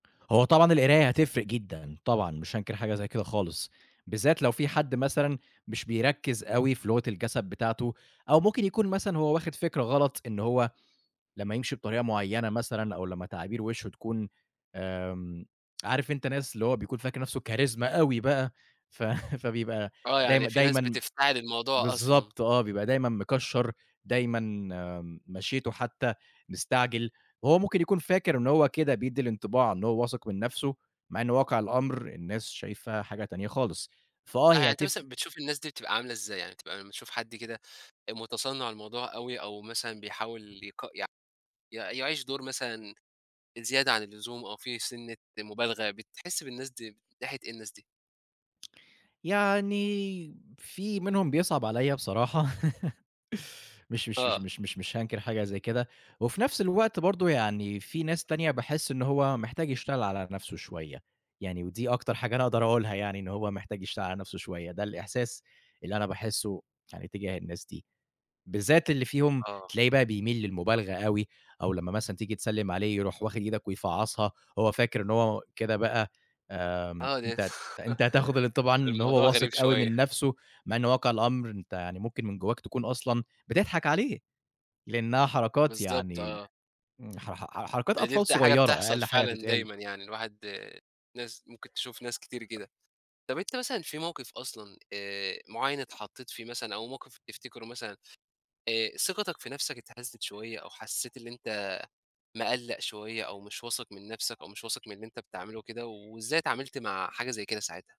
هو طبعًا القراية هتفرق جدًا طبعًا مش هانكر حاجة زي كده خالص، بالذات لو في حد مثلًا مش بيركِّز أوي في لغة الجَسَد بتاعته أو ممكن يكون مثلًا هو واخِد فكرة غلط إن هو لمّا يمشي بطريقة معيّنة مثلًا أو لمّا تعابير وِشّه تكون آمم عارف أنت ناس اللي هو بيكون فاكر نَفْسه Charisma أوي بقى، ف فبيبقى آه، يعني دايم في ناس دايمًا بتفتعل الموضوع أصلًا. بالضبط آه. بيبقى دايمًا مِكشَّر، دايمًا مَشْيِتُه حتّى مستعجل. وهو ممكن يكون فاكر إنه هو كده بيدِّي الانطباع إن هو واثق من نَفْسه مع إنه واقع الأمر الناس شايفة حاجة تانية خالص، فآه آه. هي يعني أنت هتف مثلًا بتشوف الناس دي بتبقى عاملة إزاي؟ يعني بتبقى بتشوف حد كده آآ مُتصنِّع الموضوع أوي أو مثلًا بيحاول يق يع يع يعيش دور مثلًا زيادة عن اللزوم أو في سِنّة مُبالغة، بتحِس بالناس دي من ناحية إيه الناس دي؟ يعني في منهم بيصعب عليّا بصراحة مش مش مش آه. مش مش مش هانكر حاجة زي كده وفي نَفْس الوقت برضه يعني في ناس تانية باحِس إن هو محتاج يشتغل على نَفْسه شوية، يعني ودي أكتر حاجة أنا أقدر أقولها يعني إن هو محتاج يشتغل على نَفْسه شوية، ده الإحساس اللي أنا باحِسّه يعني تجاه الناس دي، بالذات اللي فيهم آه. تلاقي بقى بيميل للمُبالغة أوي أو لمّا مثلًا تيجي تسلِّم عليه، يروح واخِد إيدك ويفعَّصها، هو فاكر إنه هو كده بقى آمم آه، أنت أنت هتاخُد الانطباع إن الموضوع هو واثق غريب أوي من شوية. نَفْسه، مع إنه واقع الأمر أنت يعني ممكن من جوّاك تكون أصلًا بتضحك عليه، لإنّها حركات بالضبط يعني آه. ن حـر حـر حـر حركات ما دي أطفال بت حاجة صغيرة بتحصل أقَل حاجة فعلًا تتقال. دايمًا يعني الواحد ناس ممكن تشوف ناس كتير كده. طَب أنت مثلًا في موقف أصلًا آآ معيّن اتحطّيت فيه مثلًا أو موقف تفتكره مثلًا آآ ثقتَك في نَفْسك اتهزّت شوية أو حسّيت اللي أنت مِقلَّق شوية أو مش واثق من نَفْسك أو مش واثق من اللي أنت بتعمله كده وإزاي اتعاملت مع حاجة زي كده ساعتها؟